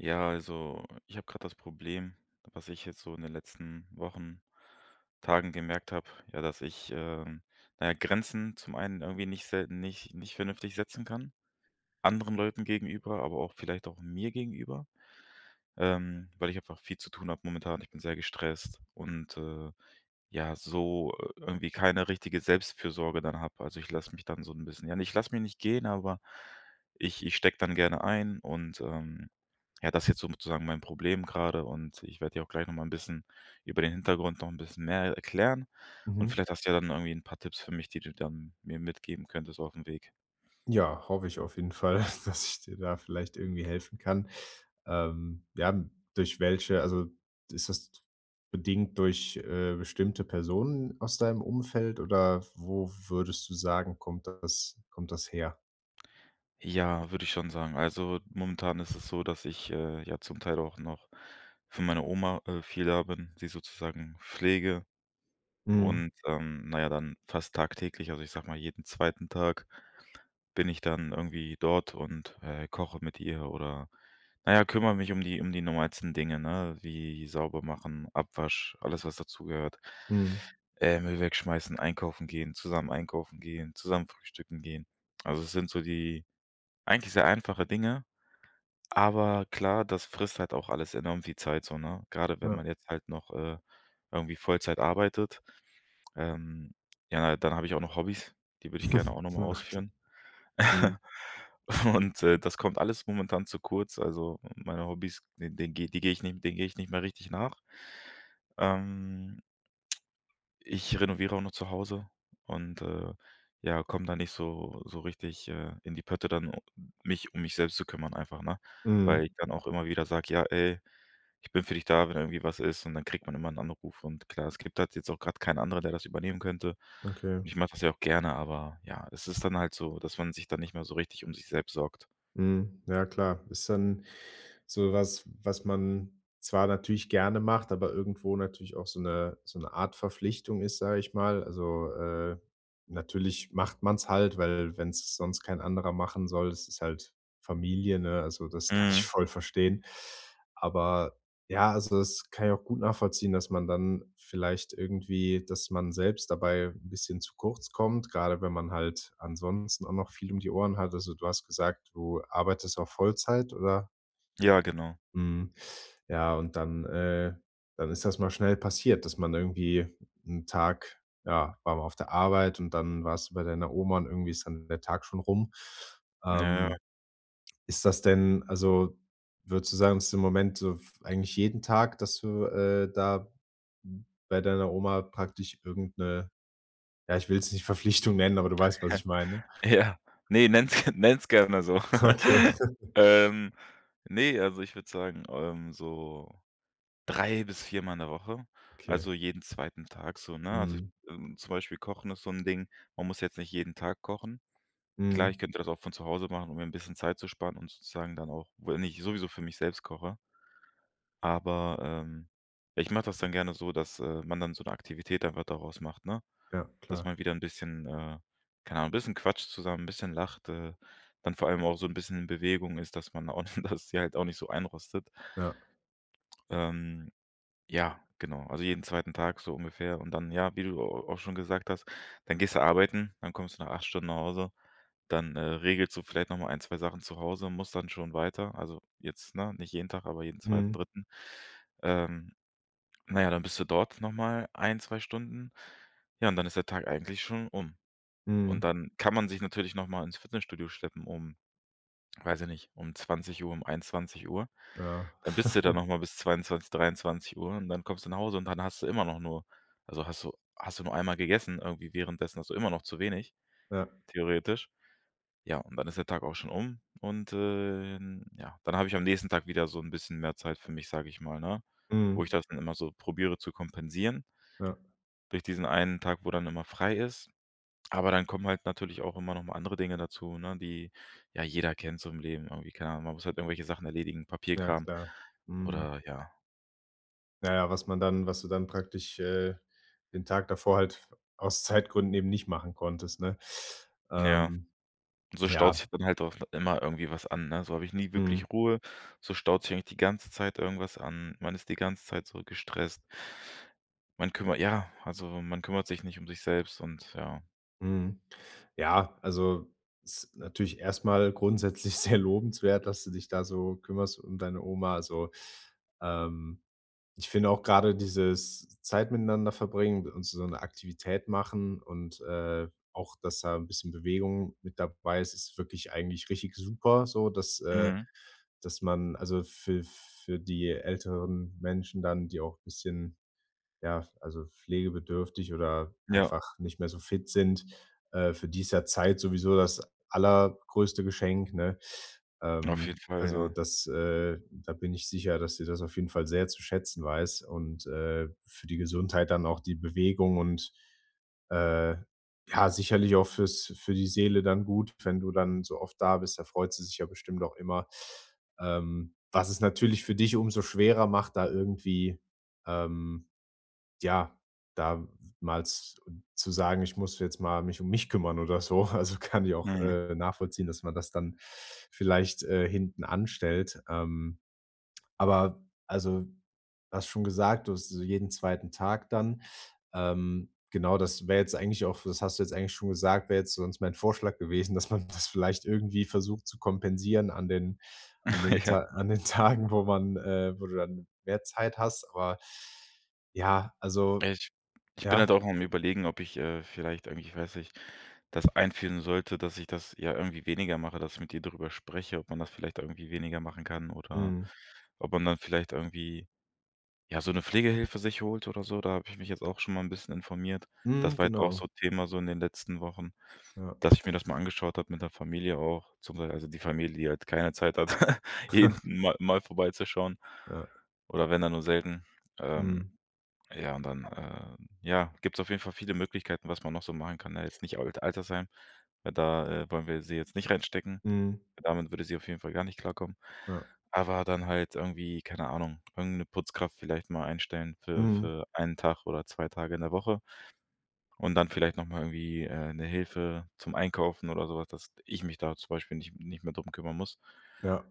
Ja, also, ich habe gerade das Problem, was ich jetzt so in den letzten Wochen, Tagen gemerkt habe, ja, dass ich, ähm na ja, Grenzen zum einen irgendwie nicht selten nicht nicht vernünftig setzen kann anderen Leuten gegenüber, aber auch vielleicht auch mir gegenüber. Ähm, weil ich einfach viel zu tun habe momentan. Ich bin sehr gestresst und, äh ja, so irgendwie keine richtige Selbstfürsorge dann habe. Also, ich lasse mich dann so 'n bisschen ja, ich lasse mich nicht gehen, aber ich ich stecke dann gerne ein und, ähm, ja, das ist jetzt sozusagen mein Problem gerade und ich werde dir auch gleich nochmal 'n bisschen über den Hintergrund noch 'n bisschen mehr erklären. Und Mhm. vielleicht hast du ja dann irgendwie 'n paar Tipps für mich, die du dann mir mitgeben könntest aufm Weg. Ja, hoffe ich auf jeden Fall dass ich dir da vielleicht irgendwie helfen kann. Ähm, ja, durch welche also, ist das bedingt durch, äh, bestimmte Personen aus deinem Umfeld oder wo würdest du sagen, kommt das kommt das her? Ja, würde ich schon sagen. Also, momentan ist es so, dass ich, äh, ja zum Teil auch noch für meine Oma, äh, viel da bin, sie sozusagen pflege. Mhm. Und, ähm na ja, dann fast tagtäglich also, ich sage mal, jeden 2. Tag bin ich dann irgendwie dort und, äh, koche mit ihr oder na ja, kümmere mich um die um die normalsten Dinge, ne, wie sauber machen, Abwasch, alles was dazugehört. Mhm. Äh, Müll wegschmeißen, einkaufen gehen, zusammen einkaufen gehen, zusammen frühstücken gehen. Also, das sind so die eigentlich sehr einfache Dinge. Aber klar, das frisst halt auch alles enorm viel Zeit, so, ne? Gerade wenn Ja. man jetzt halt noch, äh, irgendwie Vollzeit arbeitet. Ähm, ja, dann habe ich auch noch Hobbys, die würde ich gerne auch nochmal Na klar, ausführen. mhm. Und, äh, das kommt alles momentan zu kurz, also, meine Hobbys, den den die gehe ich nicht denen gehe ich nicht mehr richtig nach. Ähm ich renoviere auch noch zu Hause und, äh, ja, komme da nicht so so richtig, äh, in die Pötte dann mich um mich selbst zu kümmern einfach, ne? Weil Mhm. ich dann auch immer wieder sage: „Ja ey, ich bin für dich da, wenn irgendwie was ist.“ Und dann kriegt man immer 'n Anruf und klar, es gibt halt jetzt auch gerade keinen anderen, der das übernehmen könnte. Okay. Ich mache das ja auch gerne, aber ja, es ist dann halt so, dass man sich dann nicht mehr so richtig um sich selbst sorgt. Mhm. Ja, klar. Ist dann so was, was man zwar natürlich gerne macht, aber irgendwo natürlich auch so 'ne so 'ne Art Verpflichtung ist, sage ich mal. Also, äh, natürlich macht man es halt, weil wenn es sonst kein anderer machen soll, es ist halt Familie, ne? Also, das kann ich Mhm. voll verstehen. Aber ja, also das kann ich auch gut nachvollziehen, dass man dann vielleicht irgendwie dass man selbst dabei 'n bisschen zu kurz kommt, gerade wenn man halt ansonsten auch noch viel um die Ohren hat. Also, du hast gesagt, du arbeitest auch Vollzeit, oder? Ja, genau. Mhm. Ja, und dann, äh dann ist das mal schnell passiert, dass man irgendwie 'n Tag ja, war man auf der Arbeit und dann warst du bei deiner Oma und irgendwie ist dann der Tag schon rum. Ja, ja. Ähm, ist das denn also, würdest du sagen, dass im Moment so f eigentlich jeden Tag, dass du, äh, da bei deiner Oma praktisch irgend 'ne ja, ich will es nicht Verpflichtung nennen, aber du weißt, was ich meine? Ja. Ne, nenn es nenn es gerne so. Okay. Ähm, ne, also, ich würde sagen, ähm, so 3 bis 4 Mal in der Woche. Okay. Also, jeden 2. Tag so, ne? Also ich Mhm. ähm, zum Beispiel Kochen ist so 'n Ding, man muss jetzt nicht jeden Tag kochen. Klar, ich Mhm. könnte das auch von zu Hause machen, um mir 'n bisschen Zeit zu sparen und sozusagen dann auch wenn ich sowieso für mich selbst koche aber, ähm, ich mache das dann gerne so, dass, äh, man dann so 'ne Aktivität einfach daraus macht, ne? Ja, Dass klar. man wieder 'n bisschen, äh keine Ahnung, 'n bisschen quatscht zusammen, bisschen lacht, äh, dann vor allem auch so 'n bisschen Bewegung ist, dass man da auch dass sie halt auch nicht so einrostet. Ja. Ähm, ja, genau. Also, jeden 2. Tag so ungefähr und dann, ja, wie du a auch schon gesagt hast: dann gehst du arbeiten, dann kommst du nach 8 Stunden nach Hause, dann, äh, regelst du vielleicht noch mal 1, 2 Sachen zu Hause und musst dann schon weiter. Also, jetzt ne, nicht jeden Tag, aber jeden 2., Mhm. 3.. Ähm, na ja, dann bist du dort nochmal 1, 2 Stunden. Ja, und dann ist der Tag eigentlich schon um. Und Mhm. dann kann man sich natürlich nochmal ins Fitnessstudio schleppen, um weiß ich nicht, um 20:00, um 21:00. Ja. Dann bist du da nochmal bis 22, 23:00 und dann kommst du nach Hause und dann hast du immer noch nur also, hast du hast du nur einmal gegessen. Irgendwie währenddessen hast du immer noch zu wenig, Ja. theoretisch. Ja, und dann ist der Tag auch schon um und, äh, in ja. Dann habe ich am nächsten Tag wieder so 'n bisschen mehr Zeit für mich, sage ich mal, ne? Wo ich Mhm. das dann immer so probiere zu kompensieren Ja. durch diesen 1 Tag, wo dann immer frei ist. Aber dann kommen halt natürlich auch immer noch mal andere Dinge dazu, ne, die ja jeder kennt so im Leben, irgendwie keine Ahnung. Man muss halt irgendwelche Sachen erledigen, Ja, Papierkram, klar. Mhm. oder ja. Na ja, was man dann was du dann praktisch, äh, den Tag davor halt f aus Zeitgründen eben nicht machen konntest, ne? Ja. Ähm, So staut sich ja. dann halt auch immer irgendwie was an, ne? So habe ich nie Mhm. wirklich Ruhe, so staut sich eigentlich die ganze Zeit irgendwas an. Man ist die ganze Zeit so gestresst. Man kümmer ja, also, man kümmert sich nicht um sich selbst und ja. Mhm, ja, also, ist natürlich erstmal grundsätzlich sehr lobenswert, dass du dich da so kümmerst um deine Oma. Also, ähm, ich finde auch grade dieses Zeit miteinander verbringen und so 'ne Aktivität machen und, äh, auch, dass da 'n bisschen Bewegung mit dabei ist, ist wirklich eigentlich richtig super so, dass, äh Mhm. dass man, also, für für die älteren Menschen dann, die auch bisschen, ja, also, pflegebedürftig oder Ja. einfach nicht mehr so fit sind, äh, für die ist ja Zeit sowieso das allergrößte Geschenk, ne? Auf Ähm, jeden Fall, also, ja. das, äh da bin ich sicher, dass sie das auf jeden Fall sehr zu schätzen weiß, und, äh, für die Gesundheit dann auch die Bewegung und, äh, ja, sicherlich auch fürs für die Seele dann gut, wenn du dann so oft da bist, da freut sie sich ja bestimmt auch immer, ähm, was es natürlich für dich umso schwerer macht, da irgendwie, ähm ja, da mal z zu sagen: „Ich muss jetzt mal mich um mich kümmern.“ Oder so. Also, kann ich auch, Mhm. äh, nachvollziehen, dass man das dann vielleicht, äh, hinten anstellt. Ähm, aber also, hast schon gesagt, du hast so jeden 2. Tag dann. Ähm, genau, das wäre jetzt eigentlich auch, f das hast du jetzt eigentlich schon gesagt, wäre jetzt sonst mein Vorschlag gewesen, dass man das vielleicht irgendwie versucht zu kompensieren an den an den Ja. Ta an den Tagen, wo man, äh wo du dann mehr Zeit hast, aber ja also, Ich ich bin halt ja? auch am Überlegen, ob ich, äh, vielleicht eigentlich, ich weiß nicht, das einführen sollte, dass ich das, ja, irgendwie weniger mache, dass ich mit ihr darüber spreche, ob man das vielleicht irgendwie weniger machen kann, oder Mhm. ob man dann vielleicht irgendwie, ja, so 'ne Pflegehilfe sich holt oder so, da habe ich mich jetzt auch schon mal 'n bisschen informiert. Mhm, Das war jetzt auch genau. so Thema, so in den letzten Wochen, Ja. dass ich mir das mal angeschaut habe mit der Familie auch, zum Bei also, die Familie, die halt keine Zeit hat, jeden mal mal vorbeizuschauen. Ja. Oder wenn dann nur selten. Ähm, Mhm. ja, und dann, äh ja, gibt es auf jeden Fall viele Möglichkeiten, was man noch so machen kann, ne? Jetzt nicht Al Altersheim, weil da, äh, wollen wir sie jetzt nicht reinstecken. Mhm. Damit würde sie auf jeden Fall gar nicht klarkommen. Ja. Aber dann halt irgendwie keine Ahnung, irgend 'ne Putzkraft vielleicht mal einstellen für Mhm. für 1 Tag oder 2 Tage in der Woche. Und dann vielleicht nochmal irgendwie, äh, 'ne Hilfe zum Einkaufen oder sowas, dass ich mich da zum Beispiel nicht nicht mehr drum kümmern muss. Ja.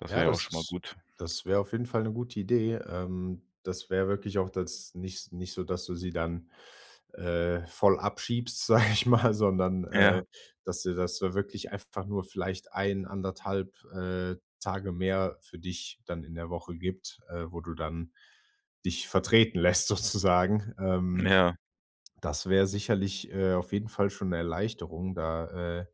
Das Ja, wäre ja auch das schon mal ist gut. das wäre auf jeden Fall 'ne gute Idee. Ähm, das wäre wirklich auch das nich nicht so, dass du sie dann, äh, voll abschiebst, sag ich mal, sondern, äh, Ja. dass dir das wirklich einfach nur vielleicht 1 1/2,, äh, Tage mehr für dich dann in der Woche gibt, äh, wo du dann dich vertreten lässt, sozusagen, ähm. Ja. Das wäre sicherlich, äh auf jeden Fall schon 'ne Erleichterung, da, äh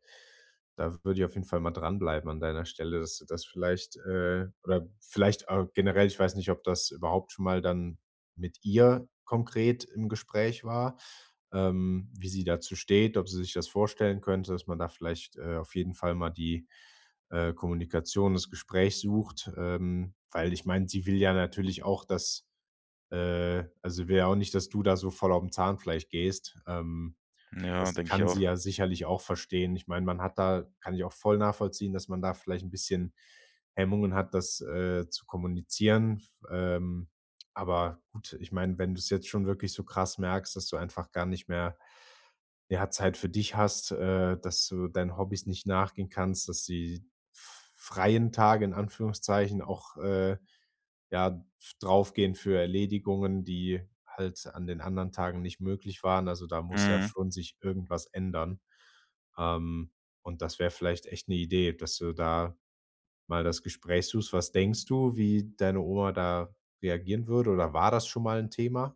da würde ich auf jeden Fall mal dran bleiben an deiner Stelle, dass du das vielleicht, äh oder vielleicht, äh, generell, ich weiß nicht, ob das überhaupt schon mal dann mit ihr konkret im Gespräch war, ähm, wie sie dazu steht, ob sie sich das vorstellen könnte, dass man da vielleicht, äh, auf jeden Fall mal die, äh, Kommunikation, das Gespräch sucht. Ähm, weil ich meine, sie will ja natürlich auch, dass, äh also, sie will ja auch nicht, dass du da so voll aufm Zahnfleisch gehst. Ähm, Ja, das denke ich kann sie auch. ja sicherlich auch verstehen. Ich meine, man hat da kann ich auch voll nachvollziehen, dass man da vielleicht 'n bisschen Hemmungen hat, das, äh, zu kommunizieren. Ähm, aber gut. Ich meine, wenn du's jetzt schon wirklich so krass merkst, dass du einfach gar nicht mehr, ja, Zeit für dich hast, äh, dass du deinen Hobbys nicht nachgehen kannst, dass die f freien Tage in Anführungszeichen auch, äh, ja, f draufgehen für Erledigungen, die halt an den anderen Tagen nicht möglich waren. Also, da muss ja Mhm. schon sich irgendwas ändern. Ähm, und das wäre vielleicht echt 'ne Idee, dass du da mal das Gespräch suchst. Was denkst du, wie deine Oma da reagieren würde, oder war das schon mal 'n Thema?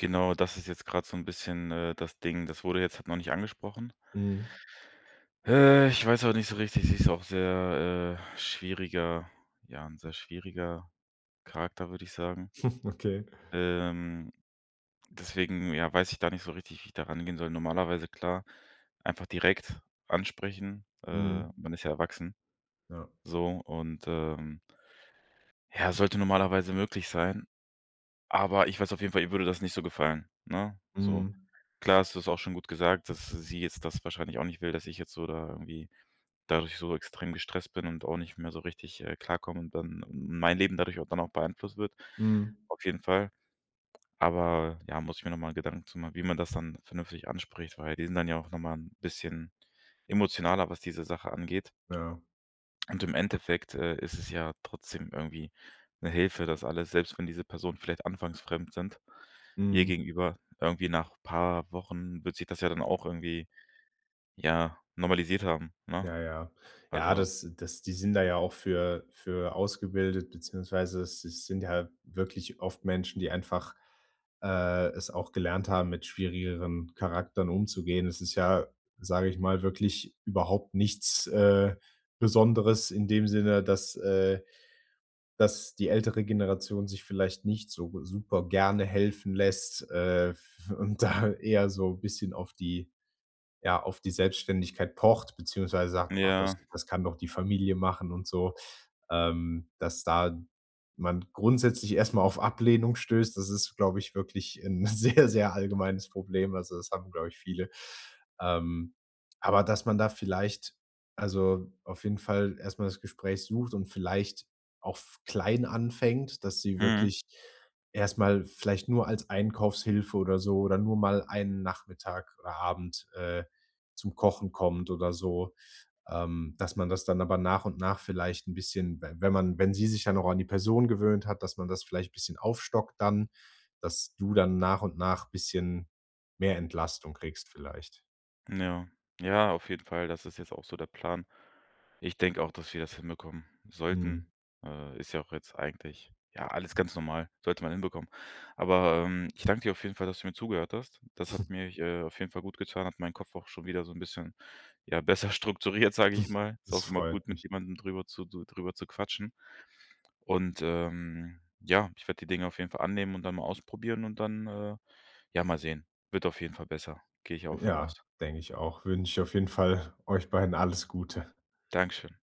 Genau, das ist jetzt gerade so 'n bisschen, äh, das Ding, das wurde jetzt noch nicht angesprochen. Mhm. Äh, ich weiß aber nicht so richtig, sie ist auch sehr äh, schwieriger ja, ein sehr schwieriger Charakter, würde ich sagen. Okay. Ähm, deswegen ja, weiß ich gar nicht so richtig, wie ich da rangehen soll. Normalerweise klar einfach direkt ansprechen, äh, Mhm. man ist ja erwachsen. Ja. So und ähm ja, sollte normalerweise möglich sein. Aber ich weiß auf jeden Fall, ihr würde das nicht so gefallen, ne, so. Mhm. Klar ist das auch schon gut gesagt, dass sie jetzt das wahrscheinlich auch nicht will, dass ich jetzt so da irgendwie dadurch so extrem gestresst bin und auch nicht mehr so richtig, äh, klarkomme und dann mein Leben dadurch dann auch beeinflusst wird. Mhm Auf jeden Fall. Aber ja, muss ich mir nochmal Gedanken zu machen, wie man das dann vernünftig anspricht, weil wir sind dann ja auch nochmal ein bisschen emotionaler, was diese Sache angeht. Ja. Und im Endeffekt, äh, ist es ja trotzdem irgendwie 'ne Hilfe, dass alle selbst wenn diese Person vielleicht anfangs fremd sind, ihr Mhm. gegenüber irgendwie nach paar Wochen wird sich das ja dann auch irgendwie, ja normalisiert haben, ne? Ja, ja. Ja, Also das das die sind da ja auch für für ausgebildet, beziehungsweise es es sind ja wirklich oft Menschen, die einfach äh, es auch gelernt haben mit schwierigeren Charakteren umzugehen. Es ist ja, sage ich mal, wirklich überhaupt nichts, äh, Besonderes in dem Sinne, dass äh, dass die ältere Generation sich vielleicht nicht so super gerne helfen lässt, äh, f und da eher so bisschen auf die ja, auf die Selbständigkeit pocht, beziehungsweise N sagt: „Och, das ja. das kann doch die Familie machen“, und so. Ähm, dass da man grundsätzlich erstmal auf Ablehnung stößt, das ist, glaube ich, wirklich 'n sehr, sehr allgemeines Problem, also, das haben, glaube ich viele. Ähm, aber dass man da vielleicht also, auf jeden Fall erstmal das Gespräch sucht und vielleicht auch f klein anfängt, dass sie Mhm. wirklich erstmal vielleicht nur als Einkaufshilfe oder so oder nur mal einen Nachmittag oder Abend, äh, zum Kochen kommt oder so, ähm, dass man das dann aber nach und nach vielleicht 'n bisschen, w wenn man wenn sie sich ja auch an die Person gewöhnt hat, dass man das vielleicht bisschen aufstockt dann, dass du dann nach und nach bisschen mehr Entlastung kriegst vielleicht. Ja. Ja, auf jeden Fall, das ist jetzt auch so der Plan. Ich denke auch, dass wir das hinbekommen Mhm sollten. Äh, ist ja auch jetzt eigentlich, ja, alles ganz normal. Sollte man hinbekommen. Aber, ähm, ich danke dir auf jeden Fall, dass du mir zugehört hast. Das hat mir, äh, auf jeden Fall gut getan, hat meinen Kopf auch schon wieder so ein bisschen, ja besser strukturiert, sage ich mal. Ist Das auch immer gut freut mit mich. jemandem drüber zu drüber zu quatschen. Und, ähm, ja, ich werde die Dinge auf jeden Fall annehmen und dann mal ausprobieren und dann, äh, ja, mal sehen. Wird auf jeden Fall besser, gehe ich auch von Ja, aus. denke ich auch. Wünsche ich auf jeden Fall, euch beiden alles Gute. Dankeschön.